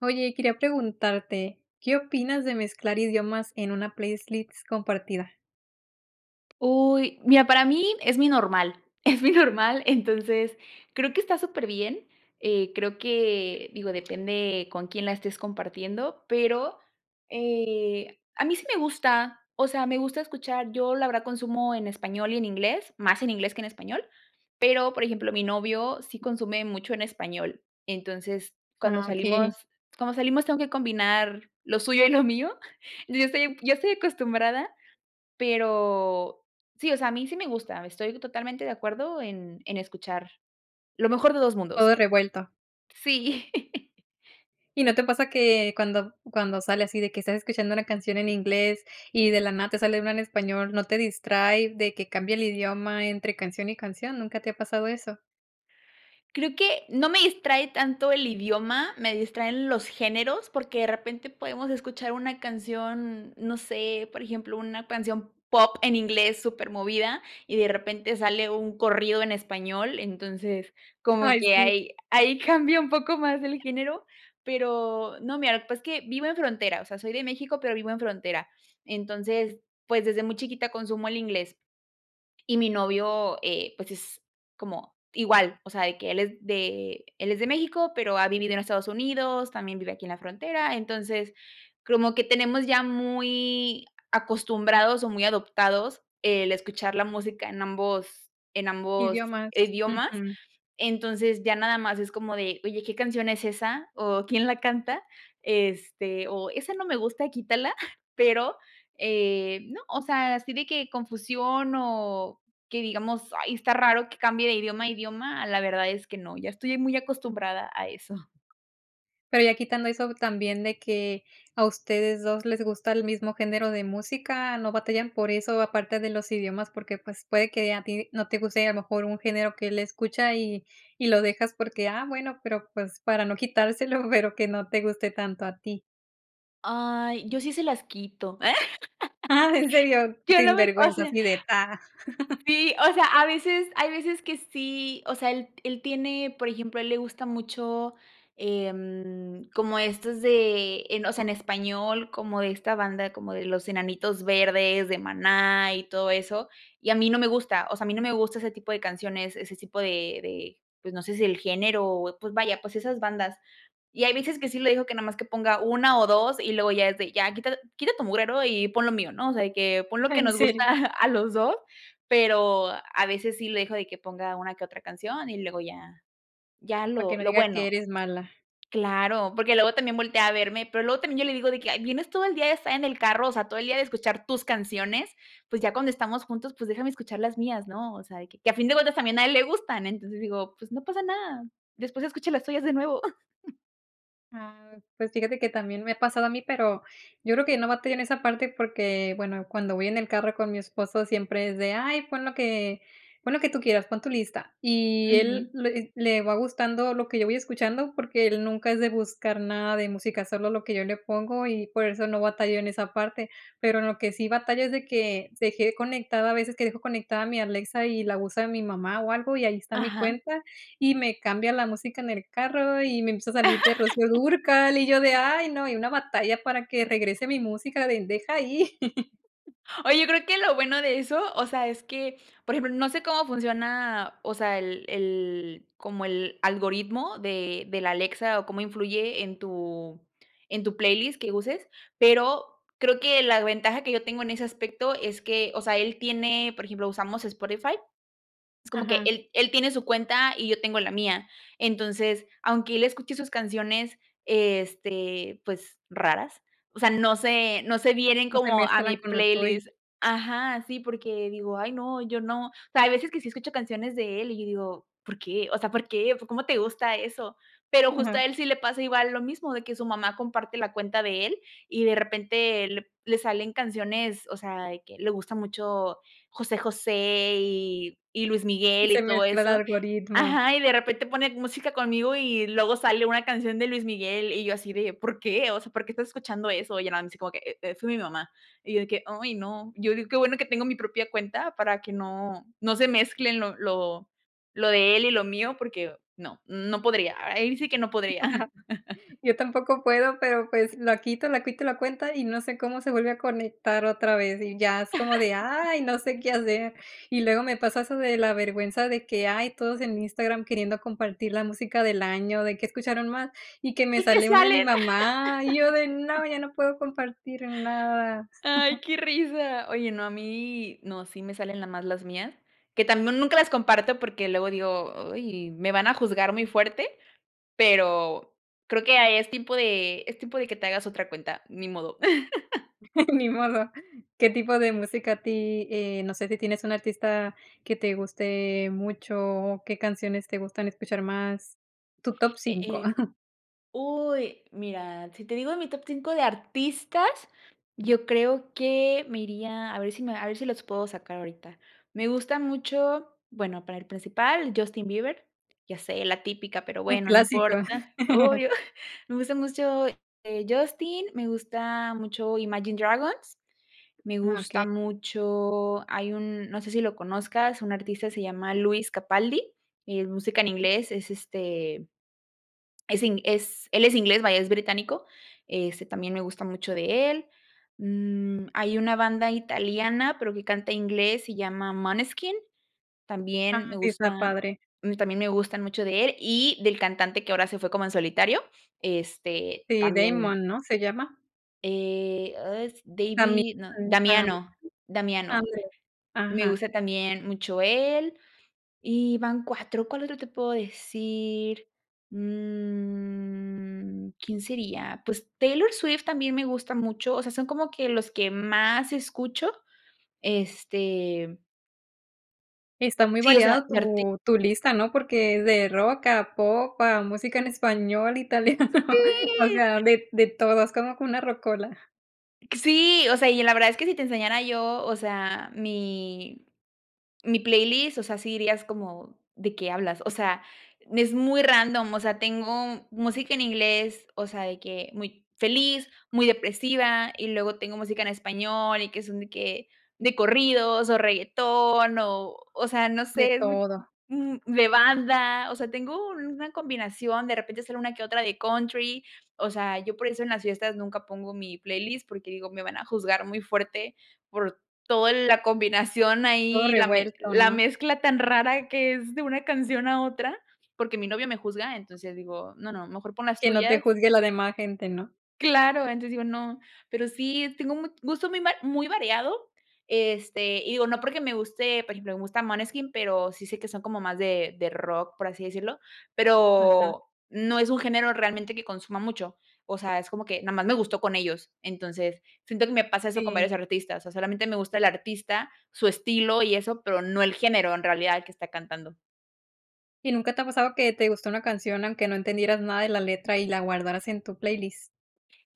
Oye, y quería preguntarte, ¿qué opinas de mezclar idiomas en una playlist compartida? Uy, mira, para mí es muy normal es muy normal, entonces creo que está súper bien, eh, creo que digo, depende con quién la estés compartiendo, pero, eh, a mí sí me gusta, o sea, me gusta escuchar, yo la verdad consumo en español y en inglés, más en inglés que en español, pero por ejemplo, mi novio sí consume mucho en español, entonces, cuando Ah, okey. salimos cuando salimos tengo que combinar lo suyo y lo mío yo estoy yo estoy acostumbrada, pero sí, o sea, a mí sí me gusta, estoy totalmente de acuerdo en en escuchar, lo mejor de 2 mundos. Todo revuelto. Sí ¿Y no te pasa que cuando b cuando sale así de que estás escuchando una canción en inglés y de la nada te sale una en español, no te distrae de que cambia el idioma entre canción y canción?, ¿nunca te ha pasado eso? Creo que no me distrae tanto el idioma, me distraen los géneros, porque de repente podemos escuchar una canción, no sé, por ejemplo, una canción pop en inglés súper movida y de repente sale un corrido en español, entonces, como Ay, que sí. ahí ahí cambia un poco más el género pero no, mira, lo que pasa es que vivo en frontera, o sea, soy de México, pero vivo en frontera, entonces, pues, desde muy chiquita consumo el inglés y mi novio, eh, pues, es como igual, o sea, de que él es de él es de México, pero ha vivido en Estados Unidos, también vive aquí en la frontera, entonces, como que tenemos ya muy acostumbrados o muy adoptados el escuchar la música en ambos en ambos Idiomas, idiomas, ujú. entonces, ya nada más es como de: "Oye, ¿qué canción es esa?, o, ¿quién la canta?", este, o, "Esa no me gusta, quítala", pero, eh, no, o sea, así de que confusión o que digamos, ay, está raro que cambie de idioma a idioma, la verdad es que no, ya estoy muy acostumbrada a eso. Pero ya quitando eso también de que a ustedes dos les gusta el mismo género de música, no batallan por eso, aparte de los idiomas, porque, pues, puede que a ti no te guste a lo mejor un género que él escucha, y y lo dejas porque: "Ah bueno, pero, pues, para no quitárselo", pero que no te guste tanto a ti. Ay, yo sí se las quito. Ah, ¿en serio? Yo Sin no me o vergüenza, sea así de ta Sí, o sea, a veces hay veces que sí, o sea, él él tiene, por ejemplo, a él le gusta mucho, eh, como estos de en o sea, en español, como de esta banda, como de los Enanitos Verdes de Maná y todo eso. Y a mí no me gusta, o sea, a mí no me gusta ese tipo de canciones, ese tipo de de, pues no sé si el género, o pues vaya, pues, esas bandas. Y hay veces que sí le digo que nada más que ponga 1 o 2, y luego ya es de: "Ya quita quita tu mugrero y pon lo mío", ¿no? De que: "Pon lo que ¿En nos gusta serio? a los dos", pero a veces sí le dejo de que ponga una que otra canción y luego ya, ya Para lo que no lo diga que bueno. eres mala. Claro, porque luego también voltea a verme, pero luego también yo le digo de que: "Vienes todo el día de estar en el carro, o sea, todo el día de escuchar tus canciones, pues, ya cuando estamos juntos, pues, déjame escuchar las mías, ¿no?". O sea, de que que a fin de cuentas también a él le gustan. Entonces digo: "Pues no pasa nada. Después escuchas las tuyas de nuevo". Ah, pues fíjate que también me ha pasado a mí, pero yo creo que no batallo en esa parte porque, bueno, cuando voy en el carro con mi esposo siempre es de: "Ay, pon lo que pon lo que tú quieras, pon tu lista". Y él Ujú. le le va gustando lo que yo voy escuchando, porque él nunca es de buscar nada de música, solo lo que yo le pongo y por eso no batallo en esa parte. Pero en lo que sí batallo es de que se quede conectada, a veces que dejo conectada mi Alexa y la usa mi mamá o algo, y ahí está mi Ajá. cuenta, y me cambia la música en el carro y me empieza a salir que Rocío Dúrcal y yo de: "Ay, no" y una batalla para que regrese mi música de: "Deja ahí". Oye, creo que lo bueno de eso, o sea, es que, por ejemplo, no sé cómo funciona, o sea, el el como el algoritmo de de la Alexa o cómo influye en tu en tu playlist que uses, pero creo que la ventaja que yo tengo en ese aspecto es que, o sea, él tiene, por ejemplo, usamos Spotify, es como que Ajá. él él tiene su cuenta y yo tengo la mía. Entonces, aunque él escuche sus canciones, este, pues raras, o sea, no sé, no se vienen No se como a mi mezclan con lo tuyo. playlist. Ajá, sí, porque digo: “Ay, no, yo no”. O sea, hay veces que sí escucho canciones de él y yo digo: “¿Por qué?”. O sea: “¿Por qué?, ¿cómo te gusta eso?”. Pero justo a él sí le pasa igual lo mismo de que su mamá comparte la cuenta de él y de repente le p le salen canciones, o sea, de que le gusta mucho José José y y Luis Y Miguel se y todo mezcla el eso. algoritmo. Ajá, y de repente pone música conmigo y luego sale una canción de Luis Miguel y yo así de: “¿Por qué? O sea, ¿por qué estás escuchando eso?”. Y ya nada más así como que: "Eh-eh, fue mi mamá" y yo de que: “Ay, no”. Yo digo qué bueno que tengo mi propia cuenta para que no no se mezclen lo lo lo de él y lo mío, porque no, no podría. A ahí sí que no podría. Yo tampoco puedo, pero pues la quito la quito la cuenta y no sé cómo se vuelve a conectar otra vez, y ya es como de: "Ay, no sé qué hacer". Y luego me pasa eso de la vergüenza de que, ay, todos en Instagram queriendo compartir la música del año, de qué escucharon más, y que me ¿De qué sale una de mi salen? mamá, y yo de: "No, ya no puedo compartir nada". Ay, qué risa. Oye, no, a mí no, sí me salen nada más las mías, que también nunca las comparto porque luego digo: "Ay, me van a juzgar muy fuerte", pero creo que, ah, es tipo de es tipo de que te hagas otra cuenta, ni modo. Ni modo. ¿Qué tipo de música a ti? Eh, no sé si tienes un artista que te guste mucho, o, ¿qué canciones te gustan escuchar más? Tu top Eh 5. eh Uy, mira, si te digo de mi top 5 de artistas, yo creo que me iría, a ver si me a ver si los puedo sacar ahorita. Me gustan mucho, bueno, para el principal, Justin Bieber, ya sé, la típica, pero Un bueno, no clásico. importa. Obvio, me gusta mucho, eh, Justin, me gusta mucho Imagine Dragons, me Ah, gusta okey. mucho hay un, no sé si lo conozcas, un artista se llama Lewis Capaldi, es música en inglés, es este es ing es él es inglés, vaya, es británico, este también me gusta mucho de él. Mm, hay una banda italiana, pero que canta inglés, se llama Måneskin, también, me Ah, sí, está gusta, padre. mm, también me gustan mucho de él y del cantante que ahora se fue como en solitario, este Sí, también Damon, ¿no? ¿Se llama? eh, ah, s A mi David, no, también me gustaba mucho. Damiano, Damiano, Ándale. me Ajá. gusta también mucho él y van 4 ¿Cuál otro te puedo decir? Mm, ¿quién sería? Pues Taylor Swift también me gusta mucho, o sea, son como que los que más escucho. Este Y está muy sí o sea, variado mi arti tu tu lista, ¿no?, porque es de rock a pop a música en español, italiano O ¡Sí! sea, de de todo, es como como una rockola. Sí, o sea, y la verdad es que si te enseñara yo, o sea, mi mi playlist, o sea, si dirías como: "¿De qué hablas?" O sea, n es muy random, o sea, tengo música en inglés, o sea, de que muy feliz, muy depresiva, y luego tengo música en español, y que son de que de corridos, o, reguetón, o o, sea, no De sé, es muy d todo. d de banda, o sea, tengo una combinación, de repente sale una que otra de country, o sea, yo por eso en las fiestas nunca pongo mi playlist, porque digo, me van a juzgar muy fuerte por todo la combinación Todo ahí, la me revuelto, la ¿no? mezcla tan rara de que es de una canción a otra, porque mi novio me juzga, entonces digo: "No, no, mejor pon las Que no te tuyas" juzgue la demás gente, ¿no? Claro, entonces digo: "No". Pero sí tengo un mu gusto muy mar muy variado, este, y digo, no porque me guste, por ejemplo, me gusta Måneskin, pero sí sé que son como más de de rock, por así decirlo, Ujú. pero no es un género realmente que consuma mucho, o sea, es como que nomás me gustó con ellos, entonces, siento que me pasa eso con Sí. varios artistas, o, solamente me gusta el artista, su estilo y eso, pero no el género en realidad el que está cantando. ¿Y nunca te ha pasado que te gustó una canción aunque no entendieras nada de la letra y la guardaras en tu playlist?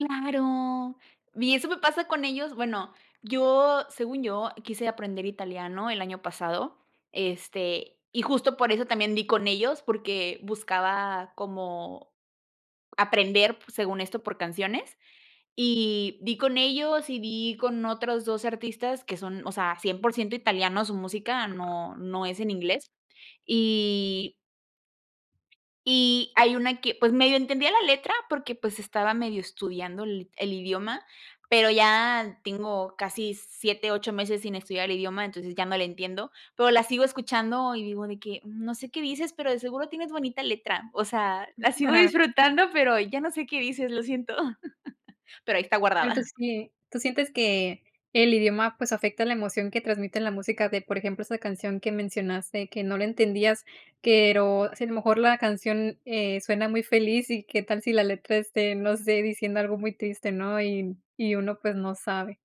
Claro, y eso me pasa con ellos, bueno, yo según yo, quise aprender italiano el año pasado, este, y justo por eso también di con ellos, porque buscaba como aprender pu según esto, por canciones, y di con ellos, y di con otros 2 artistas que son, o sea, 100% italianos, su música no no es en inglés, y y hay una que pues medio entendía la letra porque, pues, estaba medio estudiando el i el idioma, pero ya tengo casi 7, 8 meses sin estudiar el idioma, entonces ya no le entiendo, pero la sigo escuchando y digo de que: "No sé qué dices, pero de seguro tienes bonita letra, o sea, la sigo disfrutando, pero ya no sé qué dices, lo siento", pero ahí está Tanto guardada. así, ¿eh?, tú sientes que el idioma, pues, afecta la emoción que transmite la música de, por ejemplo, esa canción que mencionaste, que no la entendías, pero si a lo mejor la canción, eh, suena muy feliz y qué tal si la letra esté, no sé, diciendo algo muy triste, ¿no?, y y uno, pues, no sabe.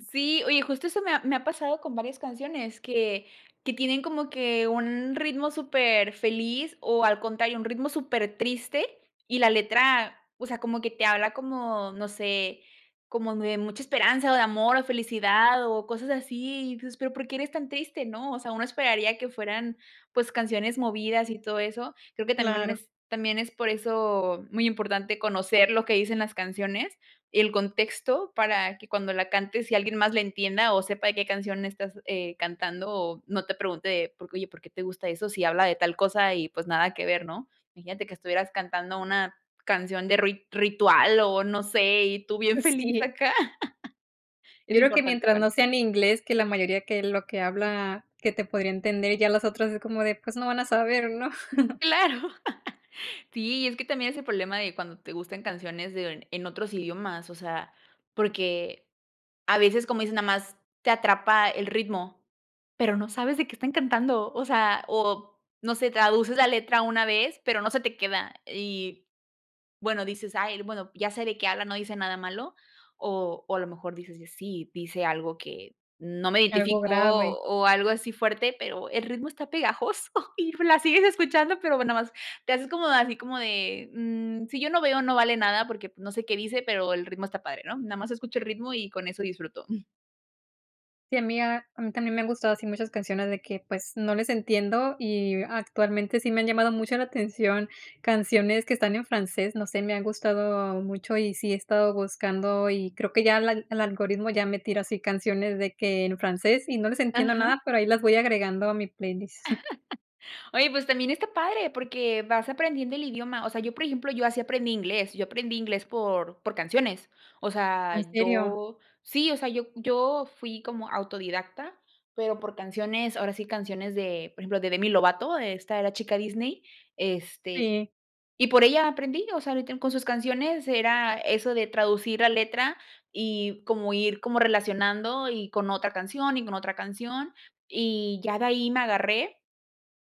Sí, oye, justo eso me ha me ha pasado con varias canciones que que tienen como que un ritmo superfeliz, o, al contrario, un ritmo supertriste y la letra, o sea, como que te habla como, no sé, como muy de mucha esperanza, o, de amor, o, felicidad o cosas así, y tu dices: "Pero ¿por qué eres tan triste, no?", o sea, uno esperaría que fueran, pues, canciones movidas y todo eso. Creo que también Claro. es también es por eso muy importante conocer lo que dicen las canciones, y el contexto para que cuando la cantes y alguien más la entienda, o, sepa de qué canción estás, eh, cantando, o, no te pregunte de: "¿Por qué, oye, por qué te gusta eso si habla de tal cosa, y, pues, nada que ver", ¿no? Imagínate que estuvieras cantando una canción de ruit ritual, o, no sé, y tú bien feliz Sí. acá. Es Yo creo que importante mientras no sea conocer. en inglés, que la mayoría que lo que habla que te podría entender, ya las otras es como de: "Pues, no van a saber", ¿no? Claro. Sí, es que también es el problema de cuando te gustan canciones de en otros idiomas, o sea, porque a veces, como dices, nada más te atrapa el ritmo, pero no sabes de qué están cantando, o sea, o no sé, traduces la letra una vez, pero no se te queda y bueno, dices: "Ay, l bueno, ya sé de qué habla, no dice nada malo". O o, a lo mejor dices: "Y sí, dice algo que no me Algo identifico", grave. o, algo así fuerte, pero el ritmo está pegajoso y, pues, la sigues escuchando, pero bueno, nada más te haces como así como de: "Mm, si yo no veo no vale nada porque pues no sé qué dice, pero el ritmo está padre, ¿no? Nada más escucho el ritmo y con eso disfruto". Sí, a mí a a mí también me han gustado así muchas canciones de que, pues, no les entiendo, y actualmente sí me han llamado mucho la atención canciones que están en francés, no sé, me han gustado mucho, y sí he estado buscando, y creo que ya el al el algoritmo ya me tira así, canciones de que en francés y no les entiendo Ajá. nada, pero ahí las voy agregando a mi playlist. Oye, pues también está padre porque vas aprendiendo el idioma, o sea, yo, por ejemplo, yo así aprendí inglés, yo aprendí inglés por por canciones. O ¿En sea, serio? yo sí, o sea, yo yo fui como autodidacta, pero por canciones, ahora sí, canciones de, por ejemplo, de Demi Lovato, esta era chica Disney. Este, Sí. y por ella aprendí, o sea, ahorita en con sus canciones era eso de traducir la letra y como ir como relacionando, y con otra canción, y con otra canción, y ya de ahí me agarré.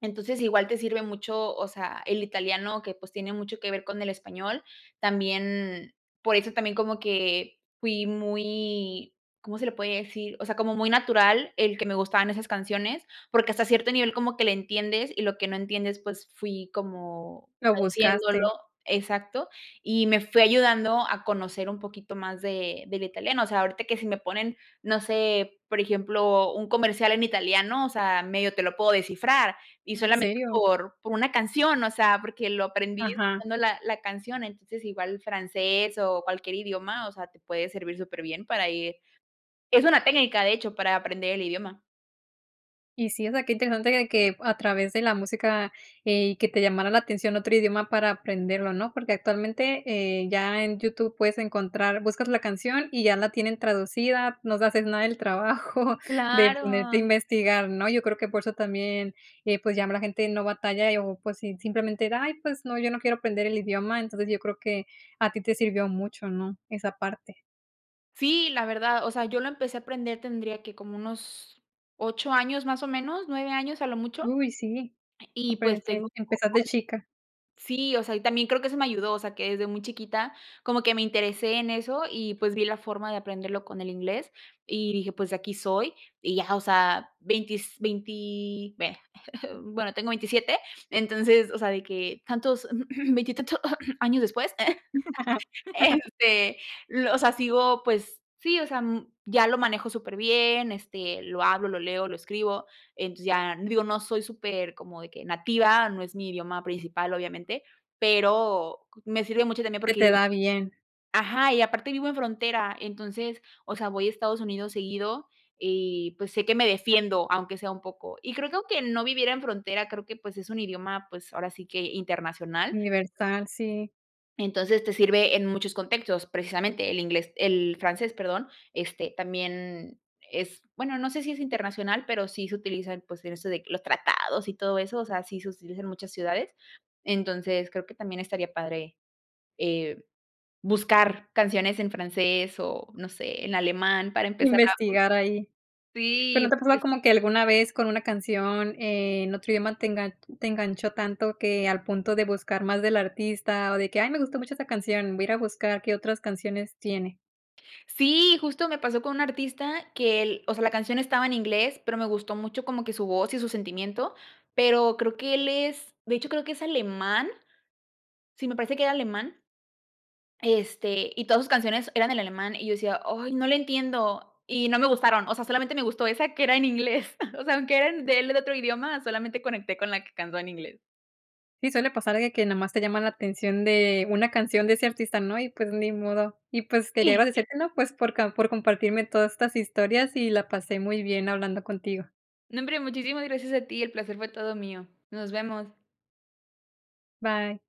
Entonces, igual te sirve mucho, o sea, el italiano que, pues, tiene mucho que ver con el español, también por eso también como que fui muy, ¿cómo se le puede decir? o sea, como muy natural el que me gustaban esas canciones, porque hasta cierto nivel como que le entiendes y lo que no entiendes, pues fui como Lo traduciéndolo buscaste. Exacto. Y me fue ayudando a conocer un poquito más de del italiano, o sea, ahorita que si me ponen, no sé, por ejemplo, un comercial en italiano, o sea, medio te lo puedo descifrar y ¿En solamente serio? por por una canción, o sea, porque lo aprendí Ajá. escuchando la la canción, entonces, igual francés o cualquier idioma, o sea, te puede servir súper bien para ir es una técnica, de hecho, para aprender el idioma. Y sí, o sea, qué interesante de que a través de la música, eh, y que te llamara la atención otro idioma para aprenderlo, ¿no? Porque actualmente, eh, ya en YouTube puedes encontrar buscas la canción y ya la tienen traducida, no se haces nada del trabajo de ponerte a Claro. investigar, ¿no? Yo creo que por eso también, eh pues, ya nada más la gente no batalla, y o pues si si simplemente de: “Ay, pues no, yo no quiero aprender el idioma”. Entonces, yo creo que a ti te sirvió mucho, ¿no?, esa parte. Sí, la verdad. O sea, yo lo empecé a aprender, tendría, ¿qué?, como unos 8 años más o menos, 9 años a lo mucho. Uy, sí. Y pues tengo Emperece O hoy empezar de chica. Sí, o sea, y también creo que eso me ayudó, o sea, que desde muy chiquita como que me interesé en eso y pues vi la forma de aprenderlo con el inglés y dije: “Pues de aquí soy” y ya. O sea, veintis veinti vaya Bueno, tengo 27. Entonces, o sea, de que tantos, veintitantos años después, este, lo o sea, sigo, pues, sí, o sea, mm, ya lo manejo súper bien, este, lo hablo, lo leo, lo escribo. Entonces, ya digo, no soy súper como de que nativa, no es mi idioma principal, obviamente, pero co me sirve mucho también Se porque digo te da bien. Ajá y aparte vivo en frontera. Entonces, o sea, voy a Estados Unidos seguido y pues, sé que me defiendo, aunque sea un poco. Y creo que aunque no viviera en frontera, creo que, pues, es un idioma, pues, ahora sí que internacional. Universal, sí. Entonces, te sirve en muchos contextos, precisamente el inglés el francés, perdón, este, también es bueno, no sé si es internacional, pero sí se utiliza en pues, en eso de los tratados y todo eso, o sea, sí se utiliza en muchas ciudades. Entonces, creo que también estaría padre, eh, buscar canciones en francés, o, no sé, en alemán para empezar a Investigar ahi. bu ¿Pero si, no y te ha pasado es como que alguna vez con una canción en otro idioma te engan te enganchó tanto que al punto de buscar más del artista, o de que: "Ay, me gustó mucho esa canción, voy a ir a buscar qué otras canciones tiene"? Si, justo me pasó con un artista que el o sea, la canción estaba en inglés, pero me gustó mucho como que su voz y su sentimiento, pero creo que él es, de hecho, creo que es alemán. Sí, me parece que era alemán, este, y todas sus canciones eran en alemán, y yo decía: "Ay, no le entiendo", y no me gustaron. Osea, solamente me gustó esa que era en inglés. O sea, aunque eran de él en otro idioma, solamente conecté con la que cantó en inglés. Sí, suele pasar algo de que nomás te llama la atención de una canción de ese artista, ¿no? Y, pues, ni modo. Y, pues, quería Si. agradecerte, ¿no? Pues, por ca por compartirme todas estas historias, y la pasé muy bien hablando contigo. No hombre, muchísimas gracias a ti, el placer fue todo mío. Nos vemos. Bye.